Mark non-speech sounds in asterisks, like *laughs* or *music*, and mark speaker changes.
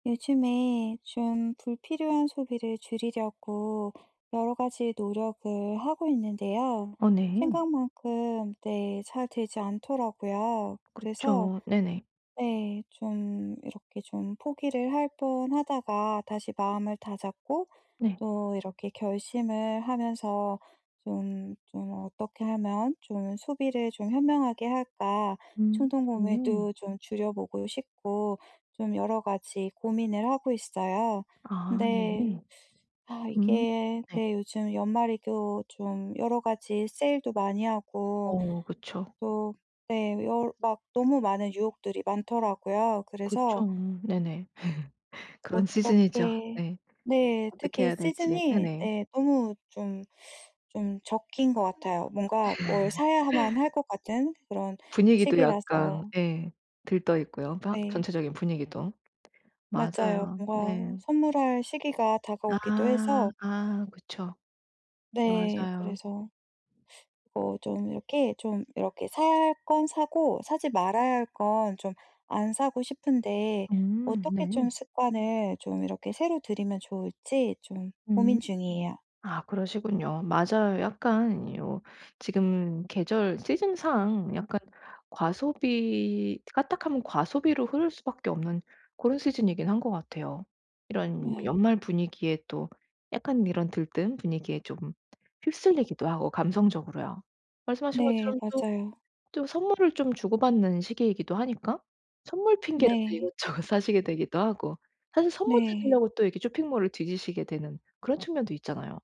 Speaker 1: 요즘에 좀 불필요한 소비를 줄이려고 여러 가지 노력을 하고 있는데요.
Speaker 2: 어 네.
Speaker 1: 생각만큼 네 잘 되지 않더라고요. 그래서
Speaker 2: 그쵸. 네네.
Speaker 1: 네 좀 이렇게 좀 포기를 할 뻔하다가 다시 마음을 다잡고
Speaker 2: 네.
Speaker 1: 또 이렇게 결심을 하면서 좀 좀 어떻게 하면 좀 소비를 좀 현명하게 할까
Speaker 2: 음. 네.
Speaker 1: 충동구매도 좀 줄여 보고 싶고 좀 여러 가지 고민을 하고 있어요.
Speaker 2: 아 네.
Speaker 1: 근데 아
Speaker 2: 음
Speaker 1: 이게
Speaker 2: 네.
Speaker 1: 네 요즘 연말이 또 좀 여러 가지 세일도 많이 하고
Speaker 2: 어 그쵸.
Speaker 1: 또 네 열 막 너무 많은 유혹들이 많더라고요. 그래서
Speaker 2: 그쵸. 네네. *laughs*
Speaker 1: 곧
Speaker 2: 그런 시즌이죠.
Speaker 1: 꺽게
Speaker 2: 네.
Speaker 1: 네.
Speaker 2: 어떻게
Speaker 1: 특히
Speaker 2: 해야 될지.
Speaker 1: 시즌이
Speaker 2: 네네.
Speaker 1: 예 너무 좀, 좀 적기인 것 같아요. 뭔가 뭘 사야만 할
Speaker 2: *laughs*
Speaker 1: 것 같은 그런
Speaker 2: 분위기도 약간
Speaker 1: 시기라서
Speaker 2: 예 들떠있고요. 막
Speaker 1: 네.
Speaker 2: 전체적인 분위기도.
Speaker 1: 맞아요.
Speaker 2: 맞아요. 네.
Speaker 1: 뭔가 선물할 시기가 다가오기도
Speaker 2: 아
Speaker 1: 해서
Speaker 2: 아 그쵸.
Speaker 1: 네.
Speaker 2: 맞아요.
Speaker 1: 그래서 어 좀 이렇게 좀 이렇게 사야 할 건 사고 사지 말아야 할 건 좀 안 사고 싶은데
Speaker 2: 음
Speaker 1: 어떻게
Speaker 2: 네.
Speaker 1: 좀 습관을 좀 이렇게 새로 들이면 좋을지 좀
Speaker 2: 음.
Speaker 1: 고민 중이에요.
Speaker 2: 아 그러시군요. 맞아요. 약간 요 지금 계절 시즌 상 약간 과소비 까딱하면 과소비로 흐를 수밖에 없는 그런 시즌이긴 한 것 같아요. 이런
Speaker 1: 네.
Speaker 2: 연말 분위기에 또 약간 이런 들뜬 분위기에 쪼금 휩쓸리기도 하고 감성적으로요. 말씀하신
Speaker 1: 네
Speaker 2: 것처럼 또
Speaker 1: 맞아요.
Speaker 2: 또 선물을 좀 주고 받는 시기이기도 하니까 선물 핑계로도
Speaker 1: 네.
Speaker 2: 이것저것 사시게 되기도 하고 사실 선물
Speaker 1: 네.
Speaker 2: 찾으려고 또 쇼핑몰을 뒤지시게 되는 그런 측면도 있잖아요.